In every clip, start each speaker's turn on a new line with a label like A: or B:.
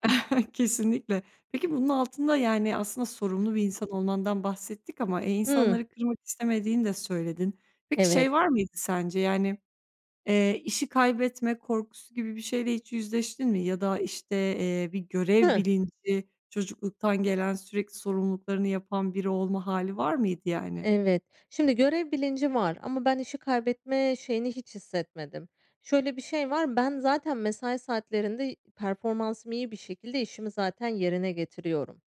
A: Kesinlikle. Peki bunun altında, yani, aslında sorumlu bir insan olmandan bahsettik ama, eee
B: Hıı.
A: insanları kırmak istemediğini de söyledin. Peki
B: Evet.
A: şey var mıydı sence? Yani, eee, işi kaybetme korkusu gibi bir şeyle hiç yüzleştin mi? Ya da işte, eee, bir görev
B: Hıı.
A: bilinci, çocukluktan gelen, sürekli sorumluluklarını yapan biri olma hâli var mıydı, yani?
B: Evet. Şimdi görev bilinci var ama ben işi kaybetme şeyini hiç hissetmedim. Şöyle bir şey var, ben zaten mesai saatlerinde, performansım iyi bir şekilde, işimi zaten yerine getiriyorum.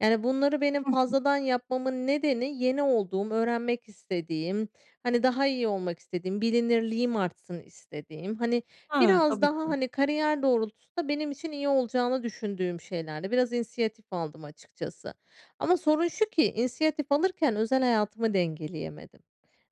B: Yani, bunları benim
A: Hı hı.
B: fazladan yapmamın nedeni yeni olduğum, öğrenmek istediğim, hani, daha iyi olmak istediğim, bilinirliğim artsın istediğim, hani,
A: He,
B: biraz
A: tabii
B: daha,
A: ki.
B: hani, kariyer doğrultusunda benim için iyi olacağını düşündüğüm şeylerdi. Biraz inisiyatif aldım açıkçası ama sorun şu ki inisiyatif alırken özel hayatımı dengeleyemedim.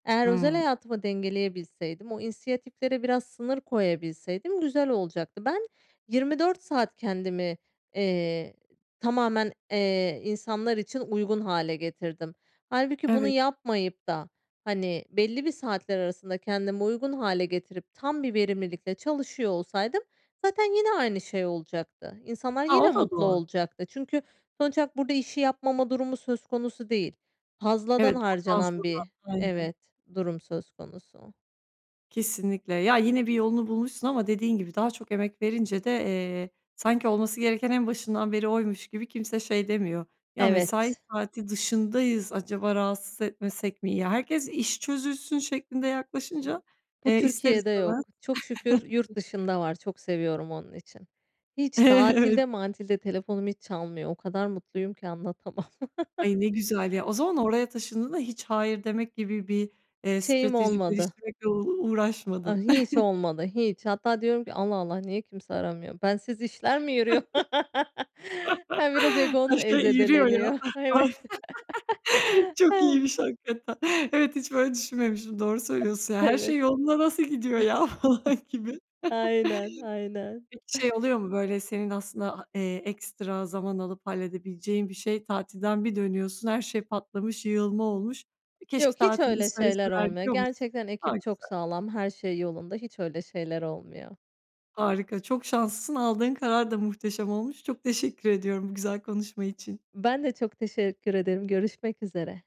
B: Eğer özel
A: Hıı.
B: hayatımı dengeleyebilseydim o inisiyatiflere biraz sınır koyabilseydim, güzel olacaktı. Ben 24 saat kendimi, eee, tamamen, eee, insanlar için uygun hâle getirdim. Hâlbuki bunu
A: Evet.
B: yapmayıp da, hani, belli bir saatler arasında kendime uygun hâle getirip, tam bir verimlilikle çalışıyor olsaydım zaten yine aynı şey olacaktı. İnsanlar
A: A, o
B: yine
A: da
B: mutlu
A: doğru.
B: olacaktı. Çünkü sonuç olarak burada işi yapmama durumu söz konusu değil. Fazladan
A: Evet, ama
B: harcanan
A: fazladan.
B: bir
A: Aynen.
B: evet durum söz konusu.
A: Kesinlikle. Ya, yine, bir yolunu bulmuşsun ama dediğin gibi daha çok emek verince de, eee, sanki olması gereken en başından beri oymuş gibi kimse şey demiyor, "Ya, mesai
B: Evet.
A: saati dışındayız, acaba rahatsız etmesek mi?" Ya herkes işi çözülsün şeklinde
B: B
A: yaklaşınca,
B: bu
A: eee, ister
B: Türkiye'de
A: istemez.
B: yok. Çok şükür yurt dışında var. Çok seviyorum onun için. Hiç
A: Evet.
B: tatilde matilde telefonum hiç çalmıyor o kadar mutluyum ki anlatamam.
A: Ay, ne güzel, ya, o zaman oraya taşındığında hiç hayır demek gibi bir, eee,
B: Şeyim
A: strateji
B: olmadı.
A: geliştirmekle uğ
B: Aaa,
A: uğraşmadın.
B: hiç olmadı hi. Hatta diyorum ki Allah Allah niye kimse aramıyor, bensiz işler mi yürüyor? Ha, biraz egon,
A: Her
B: eee,
A: şey yürüyor ya.
B: zedeleniyor evet.
A: Ay. Çok iyiymiş hakikaten. Evet, hiç böyle düşünmemiştim, doğru söylüyorsun. Ya her
B: Evet.
A: şey yoluna nasıl gidiyor ya? Falan gibi.
B: Aynen, aynen.
A: Peki şey oluyor mu? Böyle senin aslında ha eee, ekstra zaman alıp halledebileceğin bir şeyi tatilden bir dönüyorsun, her şey patlamış, yığılma olmuş. Keşke
B: Yok hiç
A: tatilde
B: öyle şeyler
A: söyleseler
B: olmuyor,
A: diyor musun?
B: gerçekten
A: A,
B: ekip çok
A: güzel.
B: sağlam. Her şey yolunda. Hiç öyle şeyler olmuyor.
A: Harika. Çok şanslısın. Aldığın karar da muhteşem olmuş. Çok teşekkür ediyorum bu güzel konuşma için.
B: Ben de çok teşekkür ederim. Görüşmek üzere.